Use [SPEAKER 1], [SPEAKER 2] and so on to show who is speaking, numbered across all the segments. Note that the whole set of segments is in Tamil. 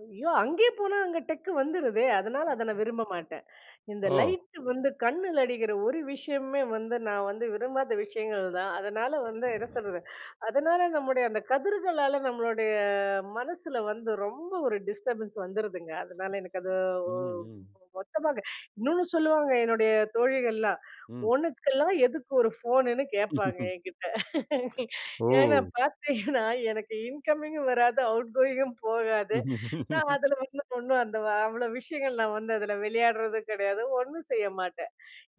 [SPEAKER 1] ஐயோ! அங்கேயே போனா அங்க டெக் வந்துருதே. அதனால அத நான் விரும்ப மாட்டேன். இந்த
[SPEAKER 2] ஓ!
[SPEAKER 1] லைட் வந்து கண்ணுல அடிக்கிற ஒரு விஷயமே வந்து, நான் வந்து விரும்பாத விஷயங்கள்தான். அதனால வந்து என்ன சொல்றது, அதனால நம்முடைய அந்த கதிர்களால நம்ளுடைய மனசுல வந்து ரொம்ப ஒரு டிஸ்டர்பன்ஸ் வந்துருதுங்க. அதனால எனக்கு அது ஒ
[SPEAKER 2] ம், ம்.
[SPEAKER 1] மொத்தமாங்க இன்னொன்னு சொல்லுவாங்க என்னுடைய தோழிகள்லாம்.
[SPEAKER 2] ம்.
[SPEAKER 1] உனக்கெல்லாம் எதுக்கு ஒரு ஃபோனுன்னு கேப்பாங்க என்கிட்ட. ஏன்னா
[SPEAKER 2] ஓ!
[SPEAKER 1] பாத்தீங்கன்னா எனக்கு இன்கமிங்கும் வராது, அவுட் கோயிங்கும் போகாது. நான் அதுல வந்து ஒண்ணும் அந்த வ அவ்வளவு விஷயங்கள் நான் வந்து அதுல விளையாடுறது கிடையாது, ஒண்ணும் செய்ய மாட்டேன்.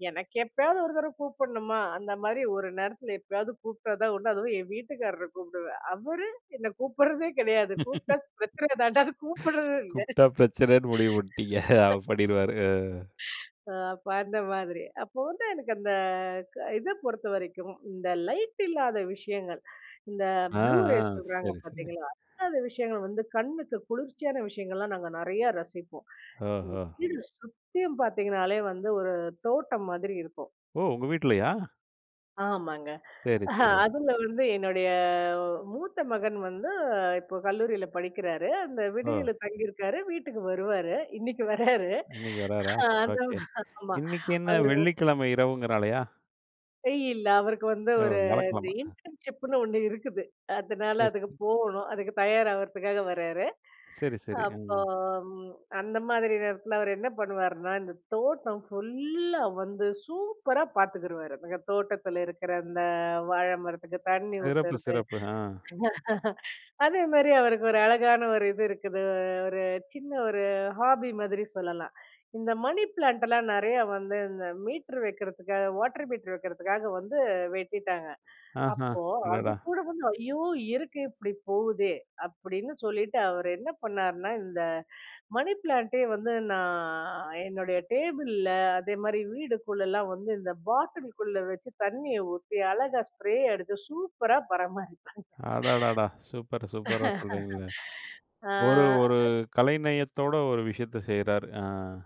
[SPEAKER 1] எனக்கு எப்பயாவது ஒரு தடவை கூப்பிடணுமா? அந்த மாரி ஒரு நேரத்துல எப்பயாவது கூப்பிட்டதுதான் உண்டு. அதுவும் என் வீட்டுக்காரர கூப்பிடுவேன். அவரு என்னை கூப்பிடுறதே கிடையாது. கூப்பிட்டா பிரச்சனை தாண்டா கூப்பிடுறது இல்ல!
[SPEAKER 2] கூப்பிட்டா பிரச்சனைன்னு முடிவு பண்ணிட்டீங்க. அப்டின்வாரு.
[SPEAKER 1] அ அப்ப அந்த மாதிரி, அப்போ வந்து எனக்கு அந்த இத பொறுத்தவரைக்கும் இந்த லைட் இல்லாத விஷயங்கள், இந்த
[SPEAKER 2] ஆ,
[SPEAKER 1] ப்ளூ
[SPEAKER 2] ஆ
[SPEAKER 1] ரேஸ் சொல்றாங்க
[SPEAKER 2] ,சரி, சரி.
[SPEAKER 1] பாத்தீங்களா, அந்த விஷயங்கள் வந்து கண்ணுக்கு குளிர்ச்சியான விஷயங்கள்லாம் நாங்க நெறைய ரசிப்போம்.
[SPEAKER 2] அஹோ.
[SPEAKER 1] வீடு சுத்தியம் பாத்தீங்கனாலே வந்து ஒரு தோட்டம் மாதிரி இருக்கும்.
[SPEAKER 2] ஓ! உங்க வீட்லயா?
[SPEAKER 1] ஆமாங்க.
[SPEAKER 2] சரி, சரி.
[SPEAKER 1] அதுல வந்து என்னுடைய மூத்த மகன் வந்து இப்ப கல்லூரியில படிக்கிறாரு. அந்த
[SPEAKER 2] ஓ!
[SPEAKER 1] விடுதில தங்கி இருக்காரு, வீட்டுக்கு வருவாரு, இன்னைக்கு வராரு.
[SPEAKER 2] இன்னைக்கு வராரா,
[SPEAKER 1] அது
[SPEAKER 2] ஓகே.
[SPEAKER 1] ஆமா.
[SPEAKER 2] இன்னைக்கு என்ன
[SPEAKER 1] அவரு
[SPEAKER 2] வெள்ளிக்கிழமை இரவுங்கிறாலையா?
[SPEAKER 1] இல்ல அவருக்கு வந்து
[SPEAKER 2] ஓ!
[SPEAKER 1] ஒரு இந்த
[SPEAKER 2] வியாழக்கிழமை.
[SPEAKER 1] இன்டர்ன்ஷிப்னு ஒண்ணு இருக்குது, அதனால
[SPEAKER 2] சரி,
[SPEAKER 1] அதுக்கு
[SPEAKER 2] சரி.
[SPEAKER 1] போகணும், அதுக்கு தயார் ஆவறதுக்காக வராரு.
[SPEAKER 2] சரி, சரி. ம்.
[SPEAKER 1] அப்போம் அந்த மாதிரி நேரத்துல அவர் என்ன பண்ணுவாருன்னா, இந்த தோட்டம் ஃபுல்லா வந்து சூப்பரா பார்த்துக்கிருவாரு. அந்த தோட்டத்துல இருக்கிற அந்த வாழை மரத்துக்கு தண்ணி
[SPEAKER 2] சிறப்பு,
[SPEAKER 1] ஊத்துறது,
[SPEAKER 2] சிறப்பு. ஆ.
[SPEAKER 1] அதே மாதிரி அவருக்கு ஒரு அழகான ஒரு இது இருக்குது, ஒரு சின்ன ஒரு ஹாபி மாதிரி சொல்லலாம். இந்த மணி பிளான்ட்லாம் நெறைய வந்து இந்த மீட்டர் வைக்கிறதுக்காக, வாட்டர் மீட்டர் வைக்கிறதுக்காக வந்து வெட்டிட்டாங்க.
[SPEAKER 2] அஹ்ம்,
[SPEAKER 1] அப்போ அது
[SPEAKER 2] அடடா!
[SPEAKER 1] கூட வந்து, "ஐயோ! இருக்கு இப்டி போகுதே," அப்டின்னு சொல்லிட்டு அவர் என்ன பண்ணாருன்னா, இந்த மணி பிளான்ட்டே வந்து நான் என்னுடைய டேபிள்ல, அதே மாதிரி வீடுக்குள்ளலாம் வந்து இந்த பாட்டிலுக்குள்ள வச்சு, தண்ணிய ஊத்தி அழகா ஸ்ப்ரே அடிச்சு சூப்பரா பராமரி
[SPEAKER 2] அடடாடா! சூப்பர், சூப்பரா சொல்றீங்கள்ல,
[SPEAKER 1] அ
[SPEAKER 2] ஒரு ஒரு
[SPEAKER 1] [unintelligible]
[SPEAKER 2] கலைநயத்தோட ஒரு விஷயத்த செய்றாரு. ஆ.